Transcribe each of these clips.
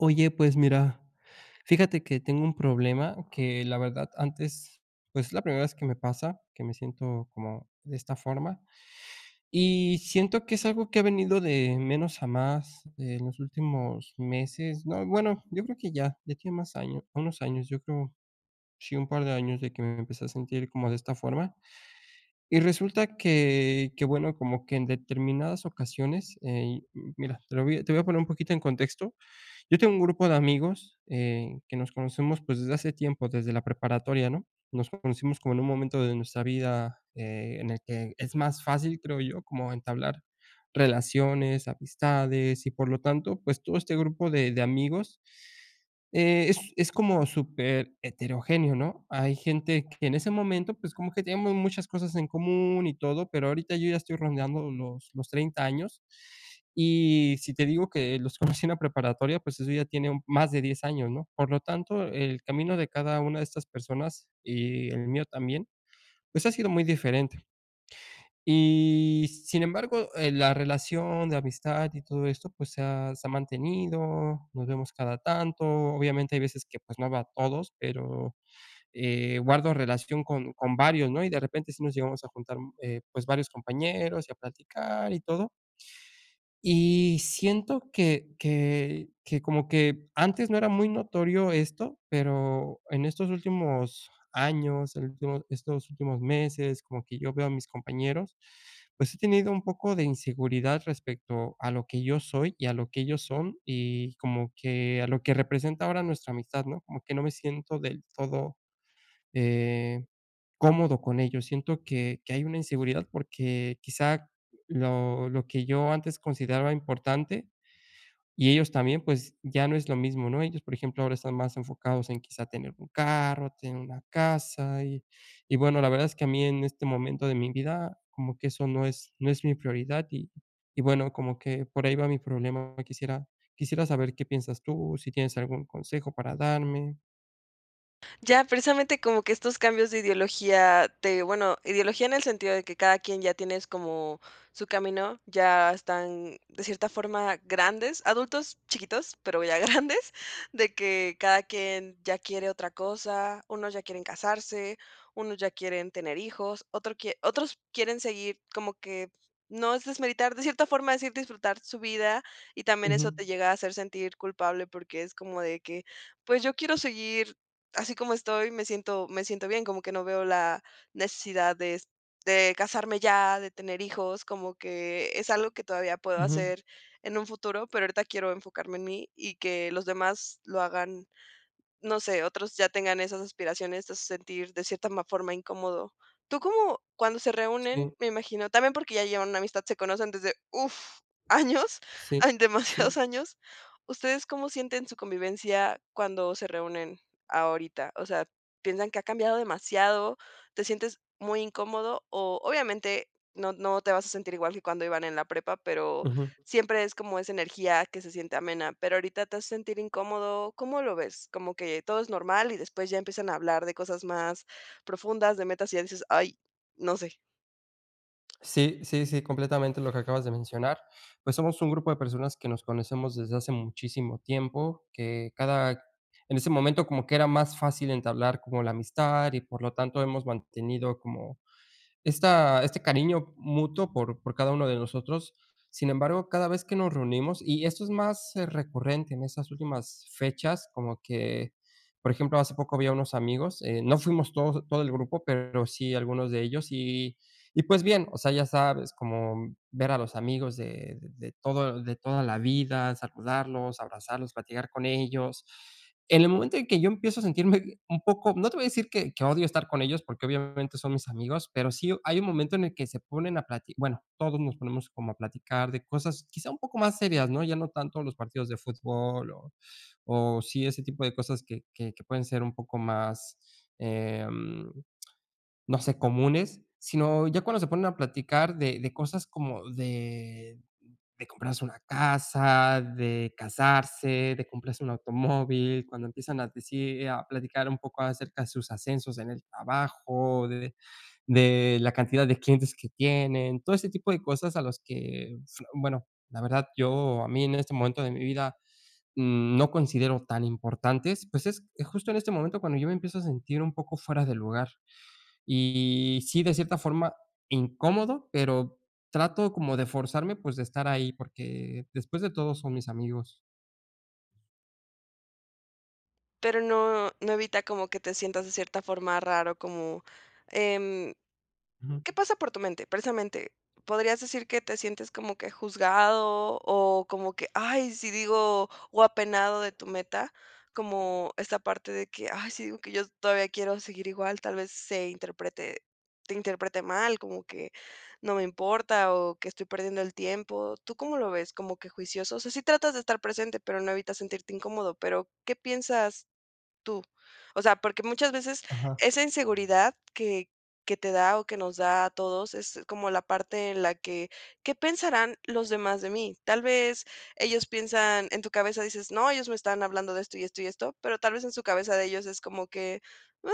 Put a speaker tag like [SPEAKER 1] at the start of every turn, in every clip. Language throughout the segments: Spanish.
[SPEAKER 1] Oye, pues mira, fíjate que tengo un problema que la verdad antes pues es la primera vez que me pasa que me siento como de esta forma y siento que es algo que ha venido de menos a más en los últimos meses no, bueno, yo creo que ya ya tiene más años, unos años, yo creo, sí, un par de años de que me empecé a sentir como de esta forma, y resulta que que bueno, como que en determinadas ocasiones, eh mira, te lo voy a te voy a poner un poquito en contexto. Yo tengo un grupo de amigos, eh, que nos conocemos, pues desde hace tiempo, desde la preparatoria, ¿no?, nos conocimos como en un momento de nuestra vida, eh, en el que es más fácil, creo yo como entablar relaciones, amistades y por lo tanto, pues todo este grupo de de amigos, eh es es como súper heterogéneo, ¿no?, hay gente que en ese momento, pues como que teníamos muchas cosas en común y todo, pero ahorita yo ya estoy rondando los los 30 años, y si te digo que los conocí en la preparatoria, pues eso ya tiene un más de 10 años, ¿no?, por lo tanto, el camino de cada una de estas personas y el mío también, pues ha sido muy diferente. Y sin embargo, eh, la relación de amistad y todo esto, pues se ha se ha mantenido, nos vemos cada tanto, obviamente hay veces que pues no veo a todos, pero, eh, guardo relación con con varios, ¿no?, y de repente si nos llegamos a juntar, mm, eh, pues varios compañeros y a platicar y todo. Y siento que que que como que antes no era muy notorio esto, pero en estos últimos años, el último estos últimos meses, como que yo veo a mis compañeros, pues he tenido un poco de inseguridad respecto a lo que yo soy y a lo que ellos son y como que a lo que representa ahora nuestra amistad, ¿no?, como que no me siento del todo, eh, cómodo con ellos, siento que que hay una inseguridad porque quizá lo lo que yo antes consideraba importante y ellos también, pues ya no es lo mismo, ¿no?, ellos, por ejemplo, ahora están más enfocados en quizá tener un carro, tener una casa y y bueno, la verdad es que a mí en este momento de mi vida como que eso no es no es mi prioridad y y bueno, como que por ahí va mi problema. Quisiera quisiera saber qué piensas tú, si tienes algún consejo para darme.
[SPEAKER 2] Ya. Precisamente como que estos cambios de ideología te bueno, ideología en el sentido de que cada quien ya tienes como su camino, ya están de cierta forma grandes, adultos, chiquitos, pero ya grandes, de que cada quien ya quiere otra cosa, unos ya quieren casarse, unos ya quieren tener hijos, otro quie otros quieren seguir como que, no es desmeritar de cierta forma decir, disfrutar su vida y también eso
[SPEAKER 1] Ujú.
[SPEAKER 2] te llega a hacer sentir culpable porque es como, de que, pues, yo quiero seguir así como estoy, me siento me siento bien, como que no veo la necesidad de de casarme ya, de tener hijos, como que es algo que todavía puedo
[SPEAKER 1] Ujú.
[SPEAKER 2] hacer en un futuro, pero ahorita quiero enfocarme en mí y que los demás lo hagan, no sé, otros ya tengan esas aspiraciones te hace sentir de cierta ma forma incómodo. Tú como, cuando se reúnen,
[SPEAKER 1] Sí.
[SPEAKER 2] me imagino también porque ya llevan una amistad, se conocen desde, uff, años,
[SPEAKER 1] Sí,
[SPEAKER 2] hay, demasiados
[SPEAKER 1] sí.
[SPEAKER 2] años. ¿Ustedes cómo sienten su convivencia cuando se reúnen ahorita?, o sea, ¿piensan que ha cambiado demasiado? ¿Te sientes muy incómodo? O, obviamente, no no te vas a sentir igual que cuando iban en la prepa pero
[SPEAKER 1] Ujú.
[SPEAKER 2] siempre es como esa energía que se siente amena, ¿pero ahorita te hace sentir incómodo? ¿Cómo lo ves?, ¿como que todo es normal y después ya empiezan a hablar de cosas más profundas, de metas, y ya dices, ay, no sé?
[SPEAKER 1] Sí, sí, sí, completamente lo que acabas de mencionar. Pues, somos un grupo de personas que nos conocemos desde hace muchísimo tiempo, que cada En ese momento, como que era más fácil entablar como la amistad y, por lo tanto, hemos mantenido como esta este cariño mutuo por por cada uno de nosotros. Sin embargo, cada vez que nos reunimos, y esto es más recurrente en esas últimas fechas, como que, por ejemplo, hace poco vi a unos amigos, eh, no fuimos todos, todo el grupo, pero sí algunos de ellos, y y pues bien, o sea, ya sabes, como, mm, ver a los amigos de de todo de toda la vida, saludarlos, abrazarlos, platicar con ellos. En el momento en que yo empiezo a sentirme un poco no te voy a decir que, que odio estar con ellos porque obviamente son mis amigos, pero sí hay un momento en el que se ponen a plati bueno, todos nos ponemos como a platicar de cosas, quizás un poco más serias, ¿no?, ya no tanto de los partidos de fútbol o o sí, ese tipo de cosas que que que pueden ser un poco más, em, no sé, comunes, sino ya cuando se ponen a platicar de de cosas como de de comprarse una casa, de casarse, de comprarse un automóvil, cuando empiezan a decir, a platicar un poco acerca de sus ascensos en el trabajo, de de de la cantidad de clientes que tienen, todo ese tipo de cosas a los que s bueno, la verdad, yo, a mí en este momento de mi vida, mm, no considero tan importantes. Pues, es justo en este momento cuando yo me empiezo a sentir un poco fuera de lugar y, sí, de cierta forma, incómodo, pero trato como de forzarme, pues, de estar ahí, porque después de todo son mis amigos.
[SPEAKER 2] Pero no, no evita como que te sientas de cierta forma raro como, em
[SPEAKER 1] Ujú.
[SPEAKER 2] ¿Qué pasa por tu mente?, precisamente. Podrías decir que te sientes como que juzgado, o como que, ¡ay!, si digo, o apenado de tu meta. Como esta parte de que ay, sí, digo, que yo todavía quiero seguir igual. Tal vez se interprete te interprete mal como que no me importa, o que estoy perdiendo el tiempo. ¿Tú cómo lo ves? ¿Como que juicioso? O sea, sí tratas de estar presente, pero no evitas sentirte incómodo. Pero, ¿qué piensas tú? O sea, porque muchas veces
[SPEAKER 1] Ajá.
[SPEAKER 2] esa inseguridad que que te da, o que nos da a todos, es como la parte en la que, ¿qué pensarán los demás de mí? Tal vez ellos piensan en tu cabeza, dices, no, ellos me están hablando de esto, y esto, y esto, pero tal vez en su cabeza de ellos es como que, ah,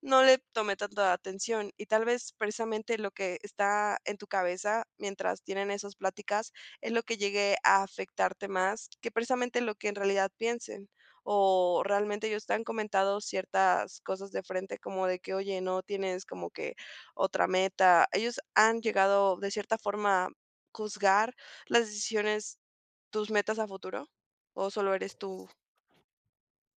[SPEAKER 2] no le tomé tanta atención. Y tal vez, precisamente lo que está en tu cabeza, mientras tienen esas pláticas, es lo que llegue a afectarte más que precisamente lo que en realidad piensen. O realmente ellos te han comentado ciertas cosas de frente como de que oye, '¿no tienes como que otra meta? ¿Ellos han llegado de cierta forma a juzgar las decisiones, tus metas a futuro, o solo eres tú?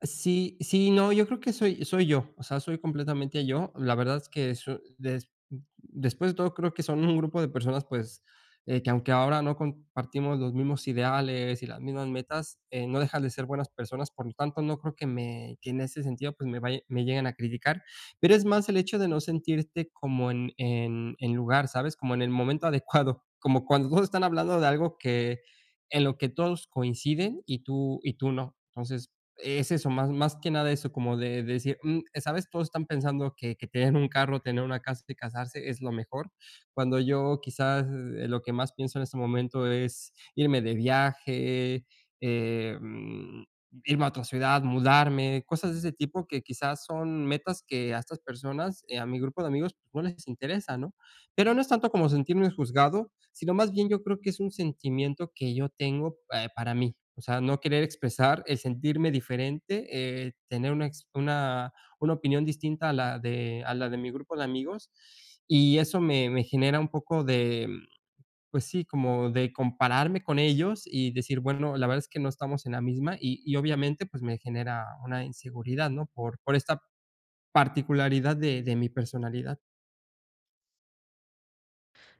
[SPEAKER 1] Sí. Sí, no, yo creo que soy soy yo, o sea, soy completamente yo. La verdad es que eso des mm, después de todo, creo que son un grupo de personas, pues, eh, que aunque ahora no compartimos los mismos ideales y las mismas metas, eh, no dejan de ser buenas personas. Por lo tanto, no creo que me que en ese sentido, pues, me vay me lleguen a criticar, pero es más el hecho de no sentirte como en en en lugar, ¿sabes?, como en el momento adecuado, como cuando todos están hablando de algo que en lo que todos coinciden, y tú y tú no. Entonces, es eso más, más que nada eso como de decir, mm, eh, ¿sabes?, todos están pensando que que tener un carro, tener una casa y casarse es lo mejor. Cuando yo, quizás, eh, lo que más pienso en este momento es irme de viaje, em, irme a otra ciudad, mudarme. cosas de ese tipo que, quizás, son metas que a estas personas, eh, a mi grupo de amigos no les interesa, ¿no? Pero no es tanto como sentirnos juzgado, sino, más bien yo creo que es un sentimiento que yo tengo pe para mí. O sea, no querer expresar el sentirme diferente, eh, tener una ex una opinión distinta a la de a la de mi grupo de amigos. Y eso me me genera un poco de, mm, pues sí, como de compararme con ellos, y decir, bueno, la verdad es que no estamos en la misma. Y y obviamente, pues, me genera una inseguridad, no por por esta particularidad de de mi personalidad.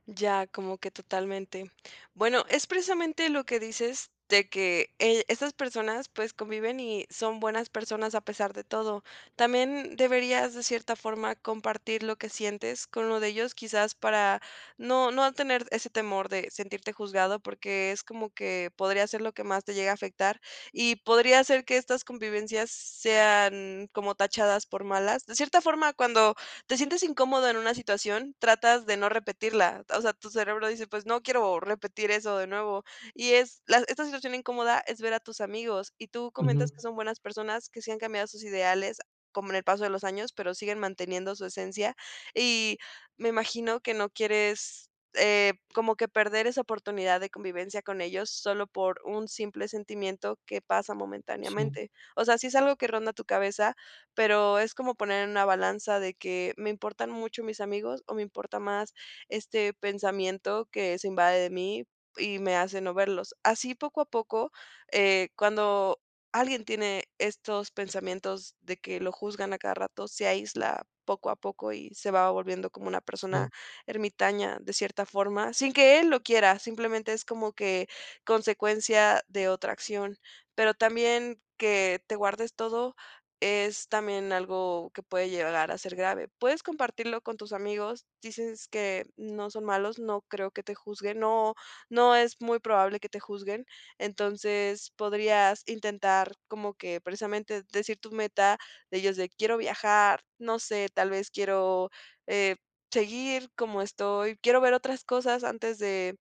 [SPEAKER 2] Ya, como que totalmente. Bueno, es precisamente lo que dices de que, eh, estas personas, pues, conviven y son buenas personas a pesar de todo. También deberías, de cierta forma, compartir lo que sientes con uno de ellos, quizás, para no no tener ese temor de sentirte juzgado, porque es como que podría ser lo que más te llegue a afectar. Y podría ser que estas convivencias sean como tachadas por malas. De cierta forma, cuando te sientes incómodo en una situación tratas de no repetirla. O sea, tu cerebro dice: "Pues, no quiero repetir eso de nuevo". Y es la esta situación incómoda, es ver a tus amigos, y tú comentas
[SPEAKER 1] Ujú.
[SPEAKER 2] que son buenas personas, que sí han cambiado sus ideales, como en el paso de los años, pero siguen manteniendo su esencia, y me imagino que no quieres, eh, como que perder esa oportunidad de convivencia con ellos, solo por un simple sentimiento que pasa
[SPEAKER 1] Sí.
[SPEAKER 2] momentáneamente. O sea, sí es algo que ronda tu cabeza, pero es como poner en una balanza de que me importan mucho mis amigos, o me importa más este pensamiento que se invade de mí y me hace no verlos. Así, poco a poco, eh, cuando alguien tiene estos pensamientos de que lo juzgan a cada rato. Se aísla, poco a poco, y se va volviendo como una
[SPEAKER 1] Sí.
[SPEAKER 2] persona ermitaña de cierta forma, sin que él lo quiera, simplemente es como que consecuencia de otra acción. Pero, también que te guardes todo, es también algo que puede llegar a ser grave. Puedes compartirlo con tus amigos. Dices que no son malos. No creo que te juzguen. No, no es muy probable que te juzguen. Entonces, podrías intentar, como que, precisamente decir tu meta de ellos de: "Quiero viajar", no sé, tal vez quiero, eh, seguir como estoy quiero ver otras cosas antes de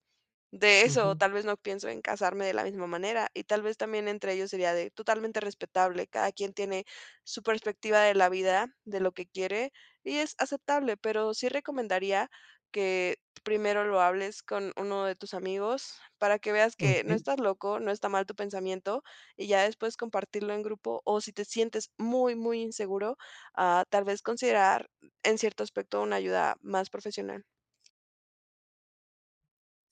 [SPEAKER 2] de eso,
[SPEAKER 1] Ujú.
[SPEAKER 2] tal vez no pienso en casarme de la misma manera. Y tal vez también entre ellos sería de totalmente respetable, cada quien tiene su perspectiva de la vida, de lo que quiere, y es aceptable. Pero, sí recomendaría que primero lo hables con uno de tus amigos, para que veas que no
[SPEAKER 1] Okey.
[SPEAKER 2] estás loco, no está mal tu pensamiento, y ya después compartirlo en grupo, o si te sientes muy, muy inseguro, ah, tal vez considerar en cierto aspecto una ayuda más profesional.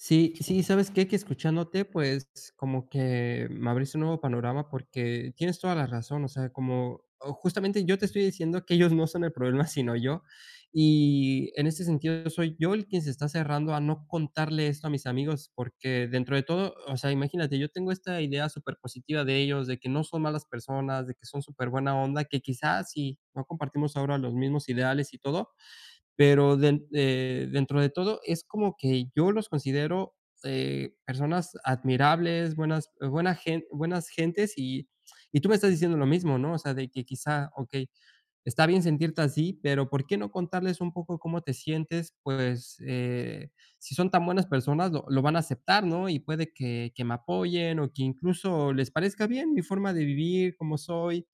[SPEAKER 1] Sí, sí. ¿Sabes qué? Que escuchándote. Pues como que me abriste un nuevo panorama porque tienes toda la razón. O sea, como, oh, justamente yo te estoy diciendo que ellos no son el problema, sino yo. Y en ese sentido, soy yo el quien se está cerrando a no contarle esto a mis amigos, porque dentro de todo, o sea, imagínate, yo tengo esta idea supérpositiva de ellos de que no son malas personas de que son supérbuena onda que quizás si no compartimos ahora los mismos ideales y todo. Pero den eh, dentro de todo es como que yo los considero, eh, personas admirables, buenas buena gen buenas gentes y y tú me estás diciendo lo mismo, ¿no? O sea, de que quizá, okey, está bien sentirte así, pero ¿por qué no contarles un poco cómo te sientes? Pues, eh, si son tan buenas personas lo lo van a aceptar, ¿no? Y puede que que me apoyen o que incluso les parezca bien mi forma de vivir como soy.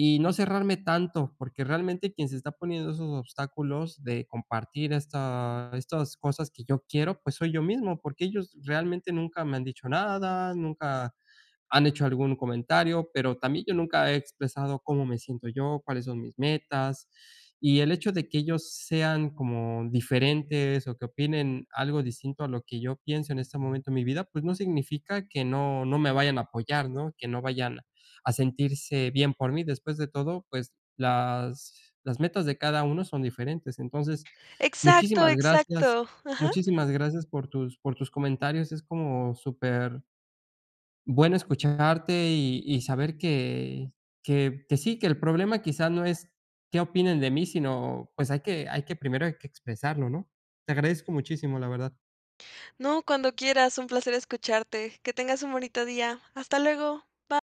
[SPEAKER 1] Y no cerrarme tanto, porque realmente quien se está poniendo esos obstáculos de compartir estas estas cosas que yo quiero. Pues soy yo mismo, porque ellos realmente nunca me han dicho nada. Nunca han hecho algún comentario, pero también yo nunca he expresado cómo me siento yo, cuáles son mis metas. Y el hecho de que ellos sean como diferentes o que opinen algo distinto a lo que yo pienso en este momento de mi vida, pues no significa que no no me vayan a apoyar, ¿no? Que no vayan a sentirse bien por mí. Después de todo, pues las las metas de cada uno son diferentes. Entonces,
[SPEAKER 2] Exacto,
[SPEAKER 1] muchísimas gracias
[SPEAKER 2] exacto, ajá.
[SPEAKER 1] muchísimas gracias por tus por tus comentarios. Es como súper bueno escucharte y y saber que que que sí, que el problema quizás no es qué opinan de mí, sino pues hay que hay que primero hay que expresarlo, ¿no? Te agradezco muchísimo la verdad.
[SPEAKER 2] No, cuando quieras. Un placer escucharte. Que tengas un bonito día. Hasta luego. Va